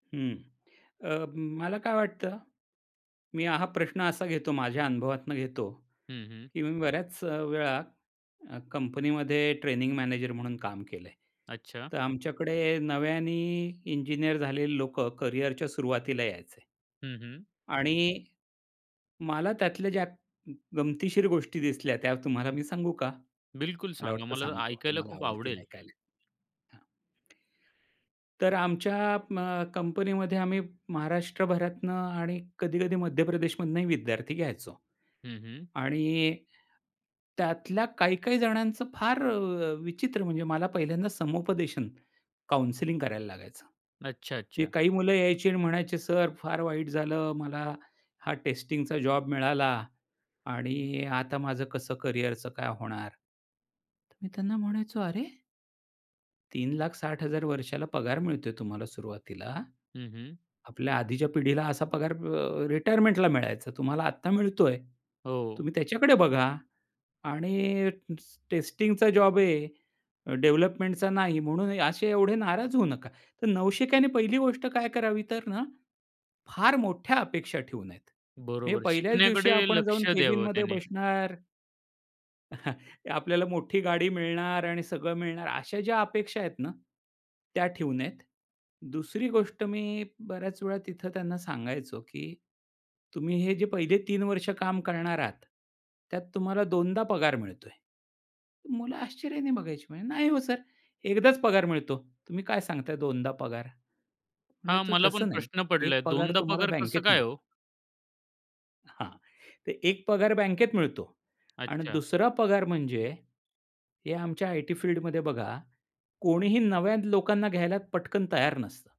हं. अ, मला काय वाटतं? मी हा प्रश्न असा घेतो माझ्या अनुभवातनं घेतो हं, हं. की मी बऱ्याच वेळा अ, कंपनीमध्ये ट्रेनिंग मॅनेजर म्हणून काम केलंय. अच्छा. तर आमच्याकडे नव्याने इंजिनिअर झालेली लोकं करियरच्या सुरुवातीला यायचे. हं, हं. आणि, मला त्यातल्या ज्या ग गमतीशीर गोष्टी दिसल्या त्या तुम्हाला मी सांगू का? बिलकुल मला सांगा वाटतं मला तर सांगतो ऐकायला तुम्हाला खूप आवडतील आवडेल. ऐकायला. हां. तर आमच्या अ, कंपनीमध्ये आम्ही महाराष्ट्रभरातुन आणि कधी-कधी मध्यप्रदेशमधुनही विद्यार्थी घ्यायचो. हं, हं. आणि त्यातल्या काही-काही जणांचं फार अ, विचित्र म्हणजे मला पहिल्यांदा समुपदेशन काउंसलिंग करायला लागायचं. अच्छा, ही अच्छा. काही मुलं यायची आणि म्हणायचे, "सर फार वाईट झालं, मला हा टेस्टिंगचा जॉब मिळाला आणि आता माझं कसं करियरच काय होणार?" तर मी त्यांना म्हणायचो, "अरे" "₹3,60,000 वर्षाला पगार मिळतोय तुम्हाला सुरुवातीला, हं, हं. आपल्या आधीच्या पिढीला असा पगार अ, रिटायरमेंटला मिळायचा तुम्हाला आता मिळतोय. हो. तुम्ही त्याच्याकडे बघा आणि स टेस्टिंगचा जॉब आहे डेव्हलपमेंटचा नाही म्हणून असे एवढे नाराज होऊ नका." तर नवशिक्याने पहिली गोष्ट काय करावी तर ना फार मोठ्या अपेक्षा ठेवू नयेत. म्हणजे बरोबर पहिल्याच दिवशी शिकण्याकडे आपण जाऊन लक्ष द्यावं कॅबिनमध्ये त्याने. बसणार आपल्याला मोठी गाडी मिळणार आणि सगळं मिळणार अशा ज्या अपेक्षा आहेत ना, त्या ठेऊ नयेत. दुसरी गोष्ट मी बऱ्याच वेळा तिथं त्यांना सांगायचो की तुम्ही हे जे पहिले 3 वर्ष काम करणार आहात, त्यात तुम्हाला 2दा पगार मिळतोय. मुलं आश्चर्याने बघायची, म्हणे "नाही हो सर. 1दा च पगार मिळतो. तुम्ही काय सांगताय 2दा पगार." म्हणलं हां. तो मला पण तसं नाही, प्रश्न "एक पडलाय पगार 2दा तुम्हाला पगार कसं बँकेत काय हो? मिळतो." हां, "तर 1 पगार बँकेत मिळतो आणि अच्छा. 2रा पगार म्हणजे," हे आमच्या आयटी फील्डमध्ये बघा "कोणीही नव्या लोकांना घ्यायला पटकन तयार नसतं."